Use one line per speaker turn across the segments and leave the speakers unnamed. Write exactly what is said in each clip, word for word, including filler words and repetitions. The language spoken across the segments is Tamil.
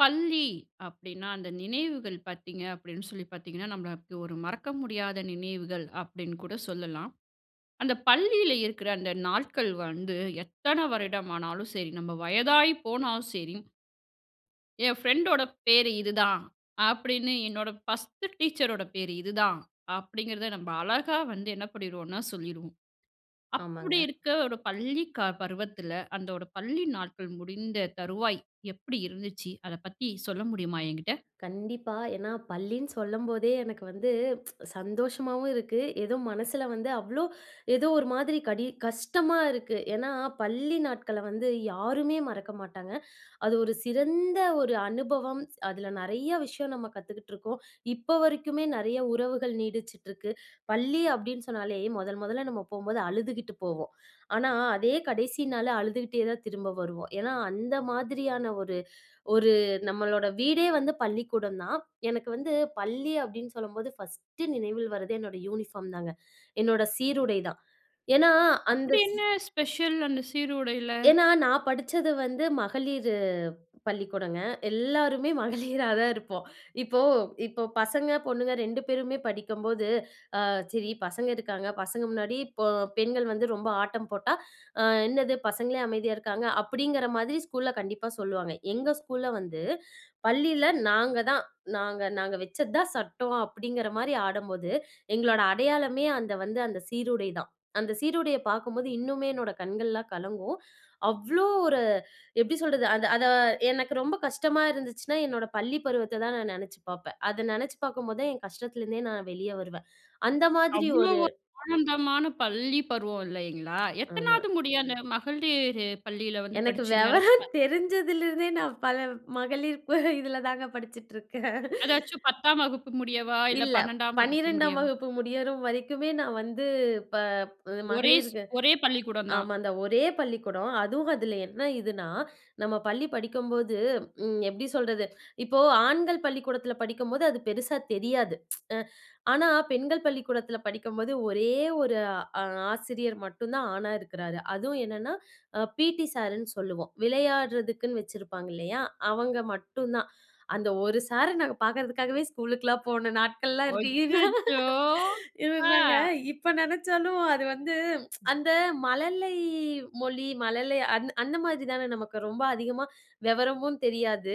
பள்ளி அப்படின்னா, அந்த நினைவுகள் பார்த்தீங்க அப்படின்னு சொல்லி பார்த்தீங்கன்னா, நம்ம ளுக்கு ஒரு மறக்க முடியாத நினைவுகள் அப்படின்னு கூட சொல்லலாம். அந்த பள்ளியில இருக்கிற அந்த நாள்கள் வந்து, எத்தன வருடம் ஆனாலும் சரி, நம்ம வயதாகி போனாலும் சரி, என் பிரண்டோட பேரு இதுதான், அப்படின்னு. என்னோட பர்ஸ்ட்டு டீச்சரோட பேரு இதுதான், அப்படிங்கிறத நம்ம அழகா வந்து என்ன பண்ணிருவோம்னா, சொல்லிருவோம். அப்படி
ஆமாங்க.
இருக்க ஒரு பள்ளி க பருவத்துல, அந்த ஒரு பள்ளி நாட்கள் முடிந்த தருவாய் எப்படி இருந்துச்சு, அத பத்தி சொல்ல முடியுமா என்கிட்ட?
கண்டிப்பா. ஏன்னா பள்ளின்னு சொல்லும்போதே எனக்கு வந்து, சந்தோஷமாவும் இருக்கு. ஏதோ மனசுல வந்து அவ்ளோ ஏதோ ஒரு மாதிரி கடி கஷ்டமா இருக்கு. ஏன்னா, பள்ளி நாட்கள வந்து யாருமே மறக்க மாட்டாங்க. அது ஒரு சிறந்த ஒரு அனுபவம். அதுல நெறைய விஷயம் நம்ம கத்துக்கிட்ருக்கோம். இப்ப வரைக்குமே நெறைய உறவுகள் நீடிச்சுட்டிருக்கு. "பள்ளி" அப்படின்னு சொன்னாலே முதல் முதல்ல நம்ம போம்போது அழுதுகிட்டு போவோம். ஆனா அதே கடைசி நாளு அழுதுகிட்டே தான் திரும்ப வருவோம். ஏன்னா, அந்த மாதிரியான ஒரு ஒரு நம்மளோட வீடே வந்து பள்ளிக்கூடம் தான். எனக்கு வந்து பள்ளி அப்படின்னு சொல்லும்போது பர்ஸ்ட்டு நினைவில் வர்றது என்னோட யூனிபார்ம் தாங்க. என்னோட சீருடை தான். ஏன்னா அந்த
அப்படி
சீ
என்ன ஸ்பெஷல், அந்த சீருடைல?
ஏன்னா, நான் படிச்சது வந்து மகளிரு பள்ளிக்கூடம்ங்க. எல்லாருமே மகளிராதான் இருப்போம். இப்போ இப்ப பசங்க, பொண்ணுங்க ரெண்டு பேருமே படிக்கும்போது, அ சரி பசங்க இருக்காங்க, பசங்க முன்னாடி பொ பெண்கள் வந்து ரொம்ப ஆட்டம் போட்டா, அ "என்னது? பசங்களே அமைதியா இருக்காங்க." அப்படிங்கிற மாதிரி ஸ்கூல்ல கண்டிப்பா சொல்லுவாங்க. எங்க ஸ்கூல்ல வந்து பள்ளியில, "நாங்க தான், நாங்க நாங்க வச்சது தான் சட்டம்." அப்படிங்கிற மாரி ஆடம்போது, எங்களோட அடையாளமே அந்த வந்து அந்த சீருடை தான். அந்த சீருடைய பார்க்கும்போது இன்னுமே என்னோட கண்கள்லாம் கலங்கும். அவ்ளோ ஒரு எப்படி சொல்றது? அது அத எனக்கு ரொம்ப கஷ்டமா இருந்துச்சுன்னா, என்னோட பள்ளி பருவத்த தான் நான் நெனச்சு பாப்பேன். அத நெனச்சு பார்க்கும் போதான் என் கஷ்டத்துல இருந்தே நான் வெளிய வருவேன். அந்த மாதிரி
அவ்வளோ
ஒரு
ஒரு [unintelligible] ஆனந்தமான பள்ளி பருவம் இல்லைங்களா?
ஆமா.
எத்தனாவது முடியும் அந்த மகளிர் பள்ளியில வந்து
எனக்கு
படிச்சிங்க?
வெவரம்
[unintelligible]
தெரிஞ்சதிலிருந்தே நான் பல மகளிர் ப இதுல தாங்க படிச்சுட்ருக்கேன்.
அதாச்சும் பத்தாம் வகுப்பு முடியவா, இல்ல
இல்ல.
பன்னெண்டாம் வகுப்பு
பன்னிரண்டாம்
முடியவா?
வகுப்பு முடியற வரைக்குமே நான் வந்து, ப
ஒரே ஸ்
மகளிர்க
ஒரே பள்ளிக்கூடம் தான்.
ஆமா. அந்த ஒரே பள்ளிக்கூடம். அதுவும் அதுல என்ன இதுன்னா, நம்ம பள்ளி படிக்கும்போது ம் எப்படி சொல்றது? இப்போ ஆண்கள் பள்ளிக்கூடத்துல படிக்கும்போது அது பெருசா தெரியாது. ஆனா பெண்கள் பள்ளிக்கூடத்துல படிக்கும்போது ஒரே ஒரு அ ஆசிரியர் மட்டும் தான் ஆணா இருக்குறாரு. அதுவும் என்னன்னா, பீ.டி சார்னு சொல்லுவோம். விளையாடுறதுக்குன்னு வச்சிருப்பாங்க இல்லையா! அவங்க மட்டும்தான். அந்த ஒரு சார நாங்க பார்க்கிறதுக்காகவே ஸ்கூலுக்கெல்லாம் போன நாட்கள்லாம் இருக்கு. இதான்
அச்சச்சோ! ஆ.
இதுதாங்க. இப்ப நெனச்சாலும் அது வந்து அந்த மல்லை மொழி மல்லை அந் அந்த மாதிரிதானே நமக்கு ரொம்ப அதிகமா வெவரமும் தெரியாது.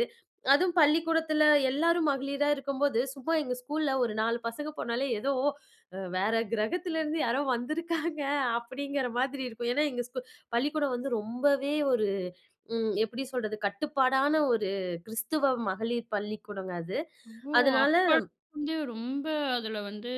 அதுவும் பள்ளிக்கூடத்துல எல்லாரும் மகளிரா இருக்கும்போது சும்மா எங்க ஸ்கூல்ல ஒரு நாலு பசங்க போனாலே, ஏதோ, "அ வேற கிரகத்துல இருந்து யாரோ வந்திருக்காங்க." அப்படிங்கிற மாதிரி இருக்கும். ஏன்னா எங்க ஸ்கூ பள்ளிக்கூடம் வந்து ரொம்பவே ஒரு ம் எப்படி சொல்றது? கட்டுப்பாடான ஒரு கிறிஸ்துவ மகளிர் பள்ளிக்கூடம்ங்க அது.
ஓ!
அதனால
அப்பத்துலந்து வந்து ரொம்ப அதுல வந்து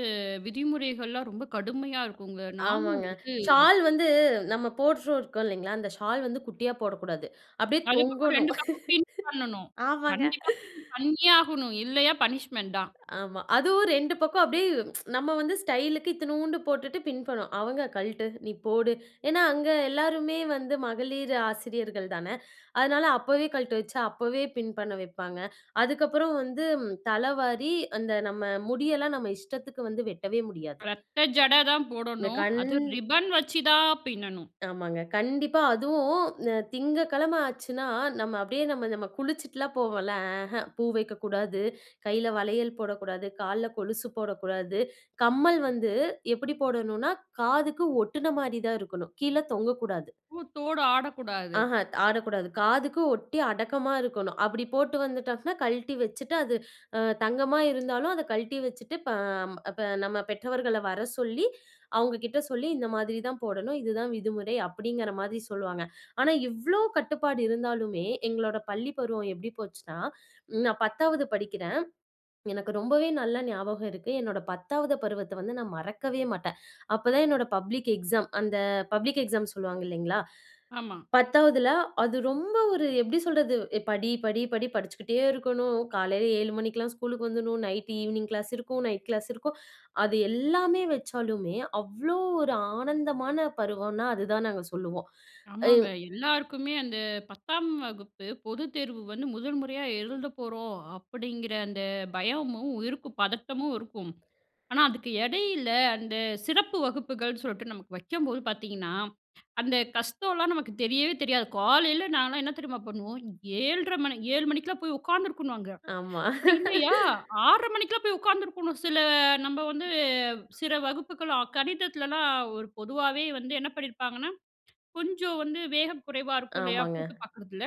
விதிமுறைகள்லாம் ரொம்ப கடுமையா இருக்குங்க. நானும்
ஆமாங்க.
வந்து
ஷால் வந்து நம்ம போட்ரு ருக்கோம் இல்லைங்களா, அந்த ஷால் வந்து குட்டியா போடக்கூடாது. அப்படியே
அது பக்கம்
தொங்கணும்.
ரெண்டு பக்கமும் பின் பண்ணனும்.
ஆமாங்க.
கண்டிப்பா பின் பண்ணியே ஆகணும். இல்லையா பனிஷ்மென்ட் தான்.
ஆமா. அதுவும் ரெண்டு பக்கம் அப்படியே, நம்ம வந்து ஸ்டைலுக்கு இத்துநூண்டு போட்டுட்டு பின் பண்ணுவோம். அவங்க, "கழ்ட்டு, நீ போடு!" ஏன்னா அங்க எல்லாருமே வந்து மகளிர் ஆசிரியர்கள் தானே. அதனால அப்பவே கழட்ட வச்சு, அப்பவே பின் பண்ண வைப்பாங்க. அதுக்கப்புறம் வந்து, தலவாரி அந்த நம்ம முடியெல்லாம் நம்ம இஷ்டத்துக்கு வந்து வெட்டவே முடியாது.
ரட்ட ஜட தான்
என்
போடணும்.
கண்
அதும் ரிப்பன் வச்சு தான் பின்னனும்.
ஆமாங்க. கண்டிப்பா. அதுவும் திங்ககிழம ஆச்சுன்னா, நம்ம அப்படியே நம்ம நம்ம குளிச்சுட்டுல்லாம் போவோம்ல. அஹ்ஹ. பூ வைக்கக்கூடாது, கையில வளையல் போடக்கூடாது, கால்ல கொலுசு போடக்கூடாது. கம்மல் வந்து எப்படி போடணும்னா, காதுக்கு ஒட்டுன மாரி தான் இருக்கணும், கீழ தொங்கக்கூடாது.
பூத்தோடு ஆடக்கூடாது.
ஆஹான். ஆடக்கூடாது. காதுக்கு ஒட்டி அடக்கமா இருக்கணும். அப்படி போட்டு வந்துட்டோம்னா, கழட்டி வச்சுட்டு, அது அ தங்கமா இருந்தாலும் அத கழட்டி வச்சுட்டு, ப இப்ப நம்ம பெற்றவர்கள வர சொல்லி, அவங்க கிட்ட சொல்லி, இந்த மாதிரிதான் போடணும், இதுதான் விதிமுறை, அப்படிங்கிற மாதிரி சொல்லுவாங்க. ஆனா இவ்ளோ கட்டுப்பாடு இருந்தாலுமே, எங்களோட பள்ளி பருவம் எப்படி போச்சுன்னா, ன் நான் பத்தாவது படிக்கிறேன். எனக்கு ரொம்பவே நல்ல ஞாபகம் இருக்கு. என்னோட பத்தாவது பருவத்த வந்து நான் மறக்கவே மாட்டேன். அப்பதான் என்னோட பப்ளிக் எக்ஸாம். அந்த பப்ளிக் எக்ஸாம் சொல்லுவாங்க இல்லைங்களா?
ஆமா.
பத்தாவுதுல. அது ரொம்ப ஒரு எப்படி சொல்றது? "ஏய், படி, படி, படி!" படிச்சுக்கிட்டே இருக்கணும். காலையில ஏழு மணிக்கெல்லாம் ஸ்கூலுக்கு வந்துரணும். நைட்டு ஈவினிங் கிளாஸ் இருக்கும். நைட் கிளாஸ் இருக்கும். அது எல்லாமே வச்சாலுமே, அவ்ளோ ஒரு ஆனந்தமான பருவம்னா, அது தான் நாங்க சொல்லுவோம்.
ஆமாங்க.
அம்.
எல்லாருக்குமே அந்த பத்தாம் வகுப்பு பொதுத்தேர்வு வந்து முதல் முறையா எழுதப்போறோம் அப்படிங்கிற அந்த பயமும், உயிருக்கு பதட்டமும் இருக்கும். ஆனா அதுக்கு எடையில, அந்த சிறப்பு வகுப்புகள் சொல்ட்டு நமக்கு வைக்கும்போது பார்த்தீங்கன்னா, அந்த கஷ்டம்லாம் நமக்கு தெரியவே தெரியாது. காலையில நான்ல்லாம் என்ன தெரியுமா பண்ணுவோம்? ஏழ்ரை மணி ஏழு மணிக்கெல்லாம் போய் உட்கார்ந்துருக்கணும் அங்க.
ஆமா.
அப்படி இல்லையா? ஆர்ற மணிக்கெல்லாம் போய் உட்கார்ந்துருக்கணும் சில நம்ம வந்து சில வகுப்புகள் க கணிதத்துலல்லாம் ஒரு பொதுவாவே வந்து என்ன பண்ணிருப்பாங்கன்னா, கொஞ்சம் வந்து வேகம் குறைவா இருக்கும் இல்லையா,
ஆமாங்க.
பூட்டு பார்க்குறதுல!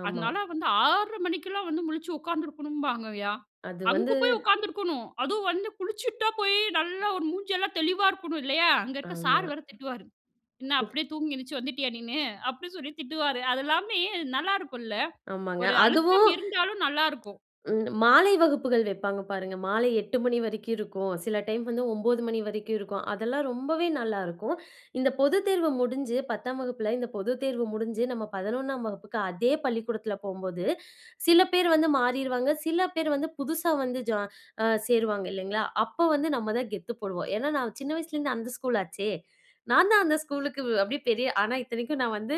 ஆமா.
அதனால வந்து ஆர்ற மணிக்கெல்லாம் வந்து முழிச்சு உட்கார்ந்துருக்கணும்பாங்கயா.
அது வந்து
அஙுகு போய் உட்கார்ந்திருக்கணும். அதுவும் வந்து குளிச்சிட்டு தான் போய் நல்லா ஒரு மூஞ்செல்லாம் தெளிவா இருக்கணும், இல்லையா? அங்க இருக்க
ஆமா.
சார் வேற திட்டுவாரு, "என்ன அப்படியே தூங்கி எந்திருச்சு வந்துட்டியா நீனு?" அப்படின்னு சொல்லி திட்டுவாரு. அதெல்லாமே நல்லா இருக்கும்ல்ல!
ஆமாங்க.
ஒரு அழுத்தம்
அதுவும்
இருந்தாலும் நல்லா இருக்கும்.
ம். மாலை வகுப்புகள் வைப்பாங்க பாருங்க, மாலை எட்டு மணி வரைக்கும் இருக்கும். சில டைம் வந்து ஓம்பது மணி வரைக்கும் இருக்கும். அதெல்லாம் ரொம்பவே நல்லா இருக்கும். இந்த பொதுத்தேர்வு முடிஞ்சு, பத்தாம் வகுப்புல இந்த பொதுத்தேர்வு முடிஞ்சு, நம்ம பதினொண்ணாம் வகுப்புக்கு அதே பள்ளிக்கூடத்துல போம்போது சில பேர் வந்து மாறிருவாங்க, சில பேர் வந்து புதுசா வந்து ஜா அ சேருவாங்க, இல்லைங்களா? அப்போ வந்து நம்ம தான் கெத்து போடுவோம். ஏன்னா நான் சின்ன வயசுல இருந்து அந்த ஸ்கூல் ஆச்சே. நான் தான் அந்த ஸ்கூலுக்கு அப்படியே பெரிய ஆனா இத்தனைக்கும் நான் வந்து,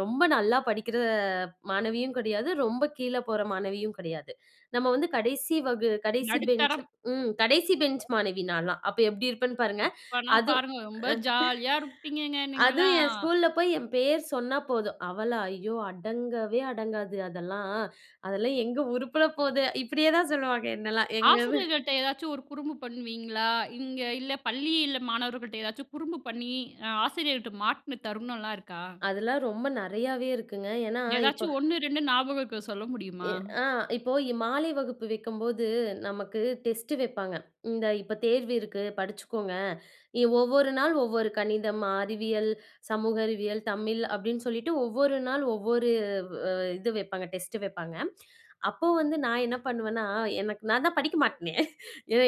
ரொம்ப நல்லா படிக்கிற மாணவியும் கெடையாது, ரொம்ப கீழ போற மாணவியும் கெடையாது. நம்ம வந்து கடைசி வகு கடைசி பெஞ்ச்
நடுத்தரம்.
ம். கடைசி பெஞ்ச் மாணவி நான்லாம். அப்ப எப்படி இருப்பேன்னு பாருங்க.
அப்பனா
அது
பாருங்க ரொம்ப ஜாலியா இருப்பீங்கங்க
அதுவும் என்
நீங்கள்லாம்.
ஸ்கூல்ல போய் என் பேர் சொன்னா போதும், "அவளா? ஐயோ! அடங்கவே அடங்காது அதெல்லாம். அதெல்லாம் எங்க உருப்ட போது?" இப்படியேதான் சொல்லுவாங்க என்னைல்லாம் எங்க
ஆசிரியர்கள்ட்ட எதாச்சும் ஒரு குறும்பு பண்ணுவீங்களா? இங்க இல்ல பள்ளியில மாணவர்கள்ட்ட எதாச்சும் குறும்பு பண்ணி அ ஆசிரியர்ட்ட மாட்டுன தருணம்லாம் இருக்கா?
அதெல்லாம் ரொம்ப நெறையாவே இருக்குங்க. ஏன்னா இப்ப
எதாச்சும் ஒண்ணு, ரெண்டு நாபகம் இருக்க சொல்ல
எ
முடியுமா?
ஆ. இப்போ மாலை வகுப்பு வைக்கும்போது, நமக்கு டெஸ்ட் வைப்பாங்க. இந்த "இப்ப தேர்வு இருக்கு, படிச்சுக்கோங்க." இ ஒவ்வொரு நாள் ஒவ்வொரு கணிதம், அறிவியல், சமூக அறிவியல், தமிழ் அப்படின்னு சொல்லிட்டு ஒவ்வொரு நாள் ஒவ்வொரு வ இது வைப்பாங்க. டெஸ்ட் வைப்பாங்க. அப்போ வந்து நான் என்ன பண்ணுவேன்னா, எனக்கு நான் தான் படிக்க மாட்டேனே.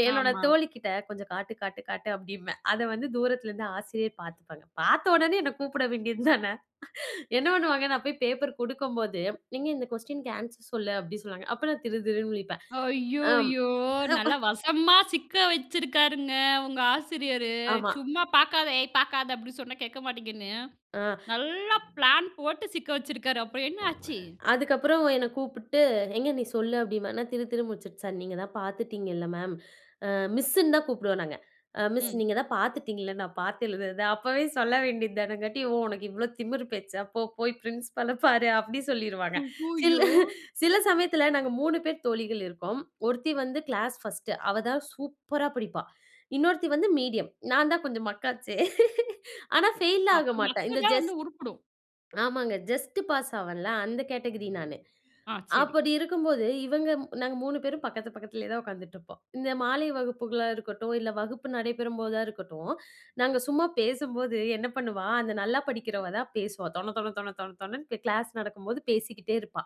என்னோட
ஆமா.
தோழி கிட்ட கொஞ்சம் காட்டு காட்டு காட்டு அப்படிம்பேன். அத வந்து தூரத்துல இருந்து ஆசிரியர் பாத்துப்பாங்க. பாத்த ஒடனே என்னை கூப்பிட வேண்டியதுதானே? என்ன பண்ணுவாங்க? நான் போய் பேப்பர் குடுக்கும்போது, "எங்க இந்த கொஸ்டினுக்கு ஆன்சர் சொல்லு." அப்படின்னு சொல்லுவாங்க. அப்போ நான் திரு திருன்னு முழிப்பேன். அம்
ஐயய்யோ!
அப்ப
நல்லா வசமா சிக்க வச்சிருக்காருங்க, உங்க ஆசிரியரு.
ஆமா.
சும்மா, "பாக்காத, ஏய் பாக்காத!" அப்படின்னு சொன்னா கேட்க மாட்டீங்கன்னு,
ஆ.
நல்லா பிளான் போட்டு சிக்க வச்சிருக்காரு. அப்புறம் என்ன ஆச்சு?
அதுக்கப்புறம் என்னை கூப்பிட்டு, "எங்க நீ சொல்லு." அப்படிம்ப. நான் திரு திருன்னு முழிச்சுட்டு, சார்! நீங்கதான் பாத்துட்டீங்கள மேம். அ மிஸ்ன்னு தான் கூப்பிடுவோம் நாங்க. அ மிஸ்
ம்.
நீங்க தான் பாத்துட்டீங்கள நான் பாத்து எழுதுறத, அப்பவே சொல்ல வேண்டியதுதானேங்காட்டி. "ஓ! உனக்கு இவ்ளோ திமிரு பேச்சா? போ போய் பிரின்சிபால பாரு!" அப்படி சொல்லிருவாங்க. சில
ஐய்யயோ!
சில சமயத்துல நாங்க மூணு பேர் தோழிகள் இருப்போம். ஒருத்தி வந்து கிளாஸ் ஃபர்ஸ்ட் அவதான் சூப்பரா படிப்பா. இன்னொருத்தி வந்து மீடியம். நான் தான் கொஞ்சம் மக்கு ஆச்சே! ஆனா ஃபெயில்லாம்
அப்ப
ஆக மாட்டேன்.
மக்கு
இந்த
தான்
ஜஸ்
வந்து உருப்டும்.
ஆமாங்க. இந்த ஜஸ்ட் பாஸ் ஆவேன்ல, அந்த கேட்டகரி நானு.
ஆ. சரி.
அப்படி இருக்கும்போது இவங்க நாங்க மூணு பேரும் பக்கத்து பக்கத்துலயேதான் ஒக்காந்துட்டிருப்போம். இந்த மாலை வகுப்புகளா இருக்கட்டும், இல்ல வகுப்பு நடைபெறும்போதா இருக்கட்டும், நாங்க சும்மா பேசும்போது, என்ன பண்ணுவா? அந்த நல்லா படிக்கிறவதான் பேசுவா. தொண தொண தொண தொண தொணன்னு கிளாஸ் நடக்கும்போது பேசிக்கிட்டே இருப்பா.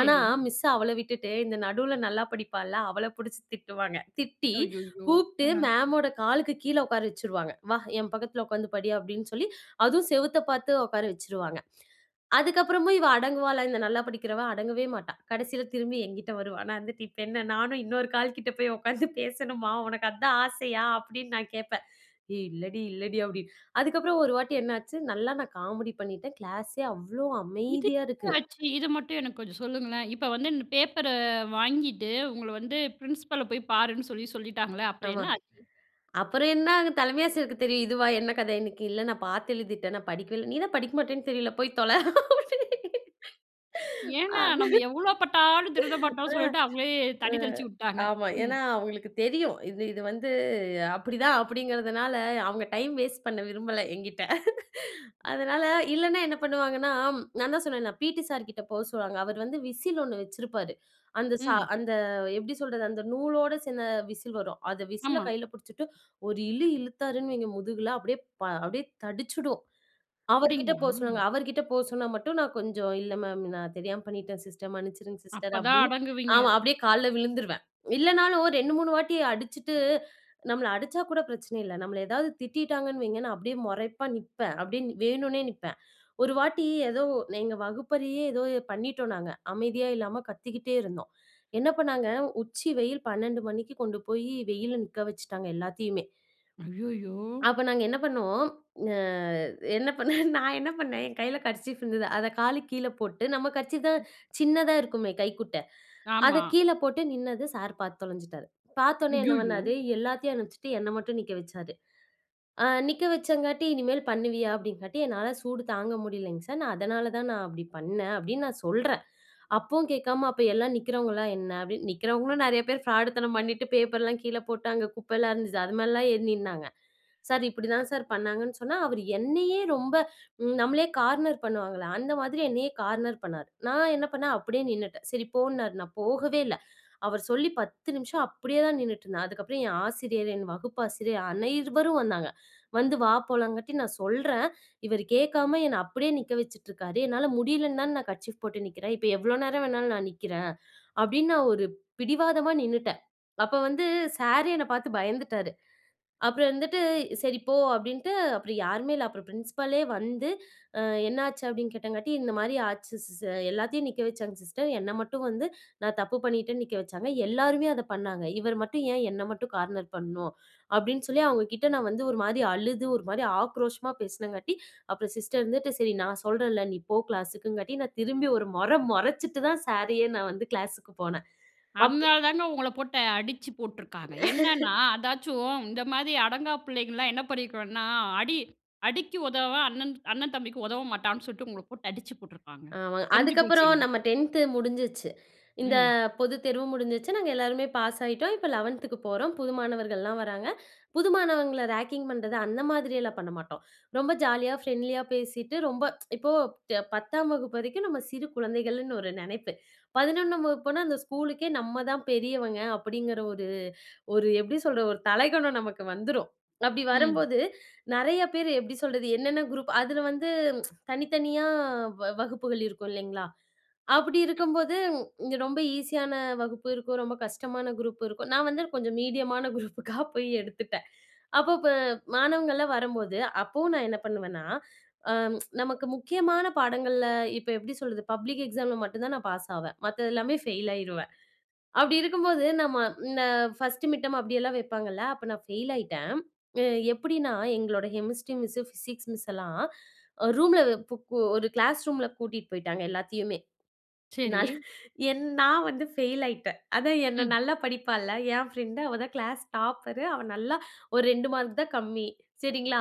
ஆனா, மிஸ் அவள விட்டுட்டு, இந்த நடுல நல்லா படிப்பால்ல அவள புடிச்சு திட்டுவாங்க. திட்டி,
ஐய்யயோ! ஆ.
கூப்ட்டு மேமோட காலுக்கு கீழ ஒக்கார வச்சிருவாங்க. "வா, என் பக்கத்துல உக்காந்து படி." அப்படின்னு சொல்லி, அதுவும் செவுத்த பாத்து ஒக்கார வச்சிருவாங்க. அதுக்கப்புறமும் இவ அடங்குவாளா, இந்த நல்லா படிக்கிறவ? அடங்கவே மாட்டா. கடசில திரும்பி, என்கிட்ட வருவா. நான் வந்துட்டு, "இப்ப என்ன? நானும் இன்னொரு கால் கிட்ட போய் ஒக்காந்து பேசணுமா? உனக்கு அதான் ஆசையா?" அப்படின்னு நான் கேப்பேன். "ஏய், இல்லடி, இல்லடி." அப்படின்னு. அதுக்கப்புறம் ஒரு வாட்டி என்ன ஆச்சு, நல்லா நான் காமெடி பண்ணிட்டேன். கிளாஸே அவ்வளவு
இது
அமைதியா
ன்ன
இருக்கு.
ஆச்சு? இது மட்டும் எனக்கு கொஞ்சம் சொல்லுங்களேன். இப்ப வந்து ந்த பேப்பர வாங்கிட்டு உங்கள வந்து பிரின்சிபால போய் பாருன்னு சொல்லி சொல்லிட்டாங்கள, அப்புறம்
ஆமா.
என்ன ஆச்?
அப்புறம் என்ன, அங்க தலைமை ஆசிரியருக்கு தெரியும், "இதுவா என்ன கத இன்னைக்கு?" "இல்ல. நான் பாத்து எழுதிட்டேன், நான் படிக்கவே இல்ல." "நீ தான் படிக்க மாட்டேன்னு தெரியும்ல, போய் தொல!" அப்படீன்னு.
ஏன்னா
அதான்
நம்ம எவ்வளோ பட்டாலும் திருந்த மாட்டோம்னு
ஆ,
சொல்லிட்டு, அவங்களே
ஆ.
தண்ணி தெளிச்சுவுட்டாங்க.
ஆமா.
ம்.
ஏன்னா அவங்களுக்கு தெரியும். இது இது வந்து அப்படித்தான், அப்படிங்கிறதுனால அவங்க டைம் வேஸ்ட் பண்ண விரும்பல என்கிட்ட. அதனால இல்லன்னா என்ன பண்ணுவாங்கன்னா நான் தான் சொன்னேன்ல பீட்டி சார் கிட்ட போ சொல்லுவாங்க. அவர் வந்து விசில் ஒண்ணு வச்சிருப்பாரு. அந்த சா
ம்.
அந்த எப்படி சொல்றது? அந்த நூலோட சேர்ந்த விசில் வரும். அத விசில
ஆமா.
கைல புடிச்சுட்டு, ஒரு இழு இழுத்தாருன்னு வைங்க முதுகுல, அப்படியே ப அப்படியே தடிச்சிடும். அவர் கிட்ட போ
அப்படிங்களா?
சொல்லுவாங்க. அவர் கிட்ட போ சொன்னா மட்டும் நான் கொஞ்சம், "இல்ல மேம். நான் தெரியாம பண்ணிட்டேன் சிஸ்டர், மன்னிச்சிருங்க சிஸ்டர்"
அப்ப தான்
அப்படின்னு.
அடங்குவீங்க.
ஆமா. அப்படியே கால்ல விழுந்துருவேன். இல்லனாலும் ரெண்டு, மூணு வாட்டி அடிச்சுட்டு நம்மள அடிச்சா கூட பிரச்சன இல்ல. நம்மள எதாவது திட்டிட்டாங்கன்னு வைங்க, நான் அப்படியே மொறைப்பா நிப்பேன், அப்படியே வேணும்னே நிப்பேன். ஒரு வாட்டி, ஏதோ எங்க வகுப்பறையே ஏதோ பண்ணிட்டோம், நாங்க. அமைதியா இல்லாம கத்திக்கிட்டே இருந்தோம். என்ன பண்ணாங்க? உச்சி வெயில், பன்னெண்டு மணிக்கு கொண்டு போய் வெயில்ல நிக்க வச்சுட்டாங்க எல்லாத்தையுமே.
ஐயய்யோ!
அப்ப நாங்க என்ன பண்ணோம் அ என்ன பண்ணேன் நான் என்ன பண்ணேன், என் கைல கர்ச்சீப் இருந்தது. அத காலுக்கு கீழ போட்டு நம்ம கர்ச்சீப் தான் சின்னதா இருக்குமே, கைக்குட்ட. அத
ஆமா.
கீழ போட்டு நின்னது சார் பாத்து தொலைஞ்சுட்டாரு. பாத்தோனே என்ன
ஐயய்யோ!
பண்ணாரு, எல்லாத்தையும் அனுப்புச்சுட்டு என்னை மட்டும் நிக்க வச்சாரு. அ நிக்க வச்சங்காட்டி, "இனிமேல் பண்ணுவியா?" அப்படின்னு காட்டி. "என்னால சூடு தாங்க முடியலிங்க சார், நான் அதனால தான் நான் அப்படி பண்ணேன்" அப்படின்னு நான் சொல்றேன். அப்பவும் கேக்காம, "அப்ப, எல்லா நிக்கிறவங்கல்லாம் என்ன?" அப்படின்னு. நிக்கிறவங்களும் நெறைய பேர் ஃபிராடுத்தனம் பண்ணிட்டு, பேப்பர்ல்லாம் கீழ போட்டு அங்க குப்பெல்லாம் இருந்துச்சு, அது மேலெல்லாம் ஏறி நின்னாங்க. சார்! இப்படித்தான் சார் பண்ணாங்கன்னு சொன்னா, அவர் என்னையே ரொம்ப நம்மளையே கார்னர் பண்ணுவாங்கள, அந்த மாதிரி என்னையே கார்னர் பண்ணாரு. நான் என்ன பண்ணேன், அப்படியே நின்னுட்டேன். சரி போ இன்னாரு. நான் போகவே இல்ல. அவர் சொல்லி பத்து நிம்ஷம் அப்படியேதான் நின்னுட்டிருந்தேன். அதுக்கப்புறம் என் ஆசிரியர், என் வகுப்பு ஆசிரியர், அனைவரும் வந்தாங்க. வந்து வா போலாம்ங்காட்டி, நான் சொல்றேன், "இவர் கேக்காம என்னை அப்படியே நிக்க வச்சுட்ருக்காரு, என்னால முடியலன்னு தான நான் கர்ச்சீப் போட்டு நிக்கிறேன், இப்ப எவ்வளோ நேரம் வேணாலும் நான் நிக்கிறேன்." அப்படின்னு நான் ஒரு பிடிவாதமா நின்னுட்டேன். அப்ப வந்து, சாரே என்ன பாத்து பயந்துட்டாரு. அப்புறம் வந்துட்டு, "சரி, போ!" அப்படின்ட்டு, அப்புறம் யாருமே இல்ல. அப்புறம் ப்ரின்சிபலே வந்து, அ "என்ன ஆச்சு?" அப்படின்னு கேட்டங்காட்டி. "இந்த மாரி ஆச்சு ஸ் சர். எல்லாத்தையும் நிக்க வச்சாங்க சிஸ்டர். என்ன மட்டும் வந்து நான் தப்பு பண்ணிட்டேன்னு நிக்க வச்சாங்க. எல்லாருமே அத பண்ணாங்க. இவர் மட்டும் ஏன் என்னை மட்டும் கார்னர் பண்ணும்?" அப்படின்னு சொல்லி அவங்க கிட்ட நான் வந்து ஒரு மாரி அழுது, ஒரு மாரி ஆக்ரோஷமா பேசுனங்காட்டி, அப்புறம் சிஸ்டர் இருந்துட்டு, சரி! நான் சொல்றேன்ல, நீ போ கிளாஸ்க்குங்காட்டி, நான் திரும்பி ஒரு மொற மொறச்சுட்டுதான் சாரையே, நான் வந்து கிளாஸ்க்கு போனேன். அப்
அத்னால தாங்க, உங்கள போட்டு அடிச்சு போட்ருக்காங்க. என்னன்னா, அதாச்சும் இந்த மாரி அடங்கா பிள்ளைங்கல்லாம் என்ன பண்ணிருக்கனுன்னா, அடி அடிக்கு உதவா அண்ணன் அண்ண தம்பிக்கு உதவ மாட்டான்னு சொல்ட்டு, உங்கள போட்டு அடிச்சு போட்ருப்பாங்க.
ஆமாங்க.
தெரிஞ்சு
அதுக்கப்புறம்
போச்சுங்க.
நம்ம டென்த் முடிஞ்சிருச்சு. இந்த
ம்.
பொதுத்தேர்வும் முடிஞ்சிருச்சு. நாங்க எல்லாருமே பாஸ் ஆயிட்டோம். இப்ப லெவேன்துக்கு போறோம். புது மாணவர்கள்லாம் வராங்க. புது மாணவங்கள ரேக்கிங் பண்றது, அந்த மாதிரில்லாம் பண்ண மாட்டோம். ரொம்ப ஜாலியா, ஃப்ரெண்ட்லியா பேசிட்டு, ரொம்ப இப்போ பத்தாம் வகுப்பு வரைக்கும் நம்ம சிறு குழந்தைகள்னு ஒரு நெனைப்பு. பதின்னொண்ணாம் வகுப்பு போனா, அந்த ஸ்கூலுக்கே நம்ம தான் பெரியவங்க அப்படிங்கற ஒரு ஒரு எப்படி சொல்றது? ஒரு தலைகணம் நமக்கு வந்துரும். அப்படி வரும்
ம்.
போது நெறைய பேர் எப்படி சொல்றது? என்னென்ன குரூப் அதுல வந்து தனித்தனியா வ வகுப்புகள் இருக்கும், இல்லைங்களா? அப்படி இருக்கும்போது, ரொம்ப ஈஸியான வகுப்பு இருக்கும், ரொம்ப கஷ்டமான குரூப் இருக்கும். நான் வந்து கொஞ்சம் மீடியமான குரூப்புக்கா போய் எடுத்துட்டேன். அப்போ ப மாணவங்கள்லாம் வரும்போது, அப்பவும் நான் என்ன பண்ணுவேன்னா, அ நமக்கு முக்கியமான பாடங்கள்ல, இப்ப எப்படி சொல்றது? பப்ளிக் எக்ஸாம்ல மட்டும் தான் நான் பாஸ் ஆவேன். மத்த எல்லாமே ஃபெயில் ஆயி்ருவேன். அப்படி இருக்கும்போது, நம்ம இந்த ஃபர்ஸ்ட் மிட்டர்ம் அப்படில்லாம் வைப்பாங்கள்ல. அப்ப நான் ஃபெயில் ஆயிட்டேன். அ எப்படினா, எங்களோட ஹெமிஸ்ட்ரி மிஸ், பிசிக்ஸ் மிஸ் எல்லாம் ரூம்ல பு பு ஒரு கிளாஸ் ரூம்ல பூட்டிட்டு போயிட்டாங்க எல்லாத்தையுமே.
சரி.
நல் என் நான் வந்து ஃபெயில் ஆயிட்டேன். அதா என்ன
ம்.
நல்லா படிப்பால்ல, என் பிரண்ட். அவதான் கிளாஸ் டாப்பரு. அவ நல்லா ஒரு ரெண்டு மார்க் தான் கம்மி. சரிங்களா?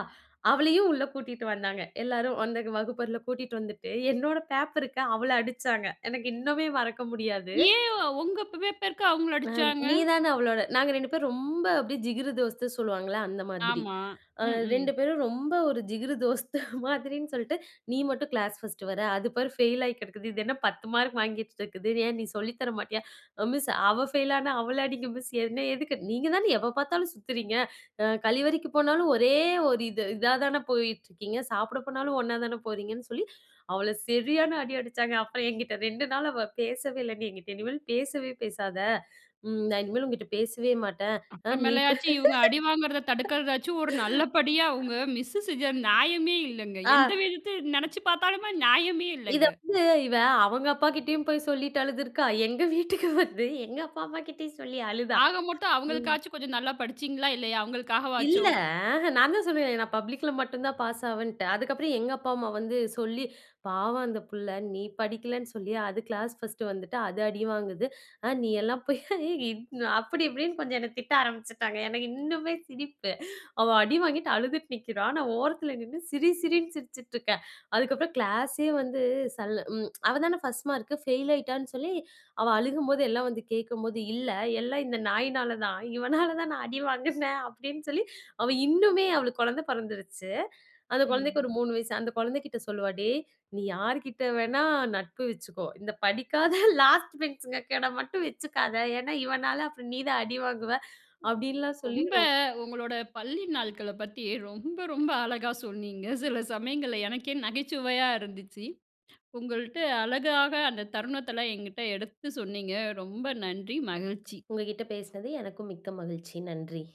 அவளையும் உள்ள கூட்டிட்டு வந்தாங்க, எல்லாரும் அந்த வகுப்பறைல கூட்டிட்டு வந்துட்டு, என்னோட பேப்பருக்கு அவள அடிச்சாங்க. எனக்கு இன்னுமே மறக்க முடியாது.
ஏன் உங்க பேப் பேப்பருக்கு அவங்கள
அ
அடிச்சாங்க?
நீதானே அவளோட நாங்க ரெண்டு பேரும் ரொம்ப அப்படியே ஜிகிரு தோஸ்து சொல்லுவாங்கள்ல, அந்த மாதிரி.
ஆமா.
அ
ம்,
ரெண்டு
ம்.
பேரும் ரொம்ப ஒரு ஜிகிரு தோஸ்து மாதிரினு சொல்ட்டு, "நீ மட்டும் கிளாஸ் ஃபர்ஸ்ட் வர்ற. அது பாரு ஃபெயில் ஆகி கெடக்குது. இது என்ன பத்து மார்க் வாங்கி வைச்சிட்டிருக்குது. ஏன் நீ சொல்லித் தர மாட்டீயா?" அ "மிஸ், அவ ஃபெயில் ஆனா அவள அடிங்க மிஸ், என்ன எதுக்கு?" நீங்க தானே எப்ப பாத்தாலும் சுத்துறீங்க. அ கழிவறைக்கு போனாலும் ஒரே ஒரு இது இதாதான போயிட்ருக்கீங்க. சாப்பட போனாலும் ஒண்ணா தான போறீங்கன்னு சொல்லி, அவள செரியான அடி அடிச்சாங்க. அப்பறம் என்கிட்ட ரெண்டு நாள் அவ பேசவே இல்ல. "நீ என்கிட்ட இனிமேல் பேசவே பேசாத. ம் நான் இனிமே உங்கிட்ட பேசவே மாட்டேன். ஆ. நீ ப்ப"
அப்புறமேலையாச்சும், இவங்க அடி வாங்குறத தடுக்கறதாச்சும், ஒரு நல்ல படியா உங்க மிஸ் செஞ்சது நியாயமே இல்லங்க.
ஆ.
எந்த விஷயத்திலயும் நெனச்சு பாத்தாலுமே நியாயமே
இத
இல்லங்க.
வந்து இவ அவங்க அப்பா கிட்டயும் போய் சொல்லிட்டு அழுதுருக்கா. எங்க வீட்டுக்கு வந்து, எங்க அப்பா, அம்மா கிட்டயும் சொல்லி அழுதா.
ஆக மொத்தம்
ம்.
அவங்களுக்காச்சும் கொஞ்சம் நல்லா படிச்சீங்களா, இல்லையா?
இல்ல.
அவங்களுக்காகவாச்சும்?
அஹ்ன். நான் தான் சொன்னேனே, நான் பப்ளிக்ல மட்டும் தான் பாஸ் ஆவேன்ட்டு. அதுக்கப்புறம் எங்க அப்பா, அம்மா வந்து சொல்லி, "பாவம் அந்த புள்ள. நீ படிக்கலன்னு சொல்லி, அது கிளாஸ் ஃபர்ஸ்ட் வந்துட்டு, அது அடி வாங்குது. ஆ. நீ எல்லாம் போய்" அப்படி இப்படின்னு கொஞ்சம் என்ன திட்ட ஆரம்பிச்சிட்டாங்க. எனக்கு இன்னுமே சிரிப்பு. அவ அடி வாங்கிட்டு அழுதுட்டு நிக்கிறா, ஆனா ஓரத்துல நின்னு, சிரி சிரி சிரிச்சுட்ருக்கேன். அதுக்கப்றம் கிளாஸே வந்து சல் ம் அவதானே ஃபர்ஸ்ட் மார்க்கு, ஃபெயில் ஆயிட்டான்னு சொல்லி அவ அழுகும்போது, எல்லாம் வந்து கேக்கும்போது. "இல்ல எல்லாம் இந்த நாய்னாலதான். இவனாலதான் நான் அடி வாங்குனேன்." அப்படின்னு சொல்லி, அவ இன்னுமே அவளுக்கு கொழந்த பொறந்திருச்சு. அந்த குழந்தைக்கு
ம்.
ஒரு மூணு வயசு. அந்த கொழந்தை கிட்ட சொல்லுவா, "டேய்! நீ யார்கிட்ட வேணா நட்பு வச்சுக்கோ, இந்த படிக்காத லாஸ்ட் பெஞ்ச்ங்ககேட மட்டும் வச்சுக்காத. ஏன்னா இவனால அப்புறம் நீதான் அடி வாங்குவ." அப்படின்லாம் சொல்லி
ரொம்ப
ரொம்
உங்களோட பள்ளி நாள்கள பத்தி ரொம்ப ரொம்ப அழகா சொன்னீங்க. சில சமயங்கள்ல எனக்கே நகைச்சுவையா இருந்துச்சு. உங்கள்ட்ட அழகாக அந்த தருணத்தெல்லாம் என்கிட்ட எடுத்து சொன்னீங்க. ரொம்ப நன்றி, மகிழ்ச்சி.
உங்ககிட்ட பேசுனது எனக்கும் மிக்க மகிழ்ச்சி. நன்றி.